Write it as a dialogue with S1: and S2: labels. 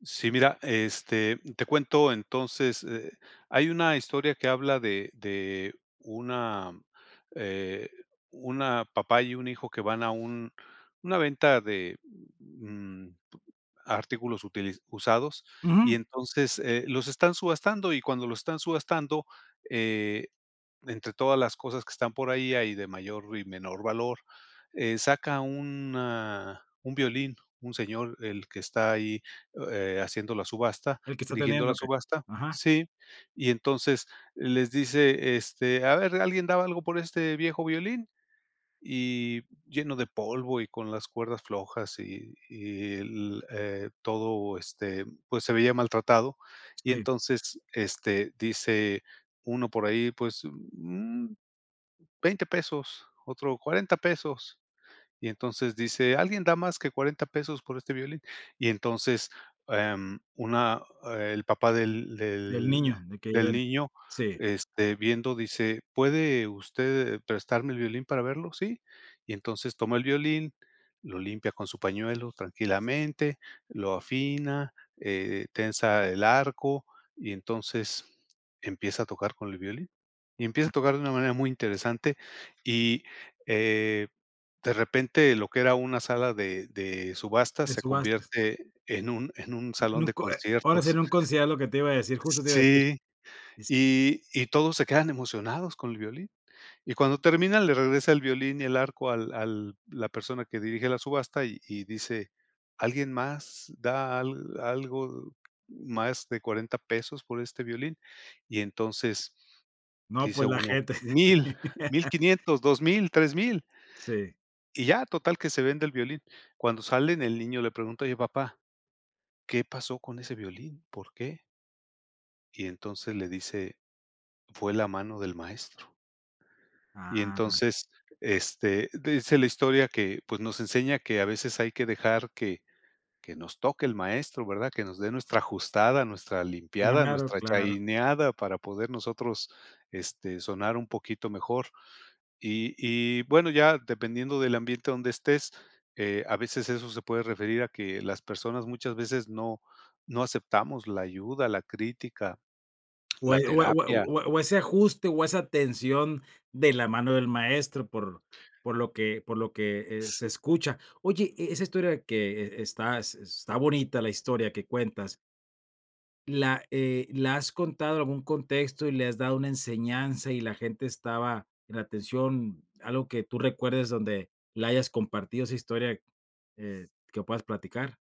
S1: Sí, mira, este, te cuento, entonces, eh, hay una historia que habla, de de una, eh, una papá, y un hijo, que van a un una venta de, mm, artículos utili usados,
S2: Ujú.
S1: y entonces, eh, los están subastando, y cuando los están subastando, eh, entre todas las cosas que están por ahí, hay de mayor y menor valor. Eh, saca una un violín, un señor, el que está ahí, o eh, haciendo la subasta
S2: El que está
S1: dirigiendo
S2: atendiendo,
S1: la
S2: que
S1: subasta,
S2: ajá.
S1: ¿sí? Y entonces les dice: "Este, a ver, ¿alguien daba algo, por este viejo violín?". Y lleno de polvo, y con las cuerdas flojas, y y el, eh, todo, este, pues, se veía maltratado. Y
S2: Sí.
S1: entonces, este, dice uno por ahí: "Pues, mm, $20 pesos, otro, $40 pesos". Y entonces dice: "¿Alguien da más que $40 pesos por este violín?". Y entonces, em, una el papá del
S2: El
S1: del
S2: niño, de que
S1: del
S2: llegara.
S1: niño,
S2: Sí.
S1: este, viendo, dice: "¿Puede usted prestarme el violín para verlo?". Sí. Y entonces, toma el violín, lo limpia con su pañuelo tranquilamente, lo afina, eh eh, tensa el arco y entonces empieza a tocar con el violín, y empieza a tocar de una manera muy interesante. Y, eh, de repente, lo que era una sala de de subasta,
S2: En
S1: se
S2: subastas.
S1: convierte en un en un
S2: En
S1: salón
S2: un
S1: de
S2: concie Ahora sí, en
S1: conciertos.
S2: un concierto lo que te iba a decir, justo te iba a decir.
S1: Sí,
S2: Dice
S1: y y todos, se quedan emocionados con el violín. Y cuando termina, le regresa el violín y el arco, al al la persona que dirige la subasta, y y dice: "¿Alguien más, da al algo más, más de $40 pesos, por este violín?". Y entonces
S2: No,
S1: dice
S2: pues la
S1: uno:
S2: gente.
S1: "mil, mil quinientos, dos mil, tres mil"
S2: Sí.
S1: y ya, total que se vende el violín. Cuando salen, el niño le pregunta: "Oye, papá, ¿qué pasó con ese violín? ¿Por qué?" Y, entonces, le dice: "Fue la mano del maestro". Y,
S2: ¡Ah!
S1: entonces, este, dice la historia que, pues, nos enseña que a veces hay que dejar que que nos toque el maestro, ¿verdad? Que nos dé, nuestra ajustada, nuestra limpiada,
S2: [unintelligible]
S1: nuestra
S2: claro.
S1: chaineada, para poder nosotros, este, sonar un poquito mejor. Y y, bueno, ya dependiendo del ambiente donde estés, eh, a veces, eso se puede referir a que las personas, muchas veces no no aceptamos la ayuda, la crítica,
S2: O
S1: la
S2: e o e o e
S1: terapia.
S2: o e o ese ajuste, o esa tensión de la mano del maestro, por por lo que por lo que, eh, se
S1: S
S2: escucha. Oye, e esa historia que, e está s está bonita, la historia que cuentas. La, eh, ¿la has contado en algún contexto, y le has dado una enseñanza, y la gente estaba en atención? ¿Algo que tú recuerdes, donde la hayas compartido, esa historia, eh, que puedas platicar?